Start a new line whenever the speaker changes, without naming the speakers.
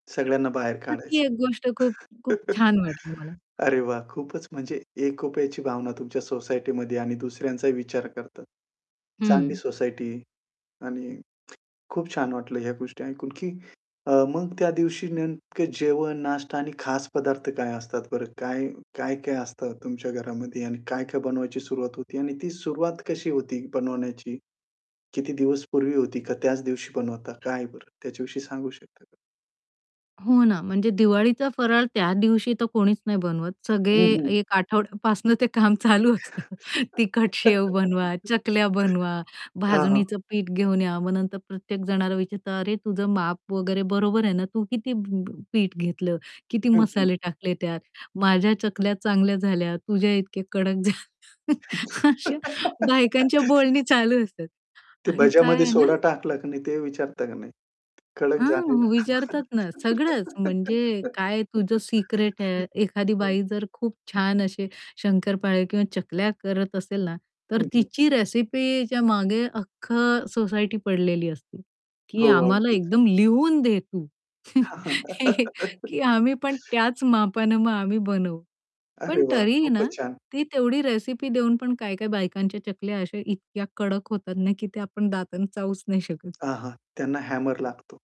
सगळ्यांना बाहेर
मग
काढायचं.
ती एक गोष्ट खूप, खूप छान वाटली मला.
अरे वाह! खूपच म्हणजे एकोप्याची भावना तुमच्या सोसायटीमध्ये आणि दुसऱ्यांचाही विचार करतात. चांगली
हं.
सोसायटी आणि खूप छान वाटलं ह्या गोष्टी ऐकून की अ, मग त्या दिवशी नेमकं जेवण, नाष्टा आणि खास पदार्थ काय असतात बरं काय, काय-काय असतं तुमच्या घरामध्ये आणि काय-काय बनवायची सुरुवात होती आणि ती सुरुवात कशी होती बनवण्याची? किती दिवस पूर्वी होती का त्याच दिवशी बनवता? काय बरं त्याच्याविषयी सांगू शकता?
हो ना, म्हणजे दिवाळीचा फराळ त्या दिवशी तर कोणीच नाही बनवत.
हं,
सगळे
हं.
एक आठवड्यापासून ते काम चालू असतं. तिखट शेव बनवा, चकल्या बनवा,
हां, हां.
भाजणीचं पीठ घेऊन या, मग नंतर प्रत्येक जणाला विचारतं, "अरे तुझं माप वगैरे बरोबर आहे ना? तू किती प प पीठ घेतलं? किती
हं, हं.
मसाले टाकले त्यात? माझ्या चकल्या चांगल्या झाल्या, तुझ्या इतक्या कडक झाल्या." अशा
[unintelligible]
बायकांच्या बोलणी चालू असतात
ते
आणि काय
भज्यामध्ये
आहे ना
सोडा टाकला की नाही ते विचारता की नाही? ते कडक झाले
हां, विचारतात
ना.
ना, सगळंच म्हणजे काय तुझं सिक्रेट आहे. एखादी
हं.
बाई जर खूप छान अशी शंकरपाळी किंवा चकल्या करत असेल ना, तर
हं, हं.
तिची रेसिपीच्या मागे अख्ख सोसायटी पडलेली असते
हो
की आम्हाला
अगदीच.
एकदम लिहून दे तू हे की आम्ही पण त्याच मापाने मग आम्ही बनवू.
अरे
पण
वाह,
तरीही ना,
खूपच छान!
ती तेवढी रेसिपी देऊन पण काय-काय बायकांच्या चकल्या अशा इतक्या कडक होतात ना, की ते आपण दाताने चावूच नाही शकत.
हां, हां त्यांना हॅमर लागतो.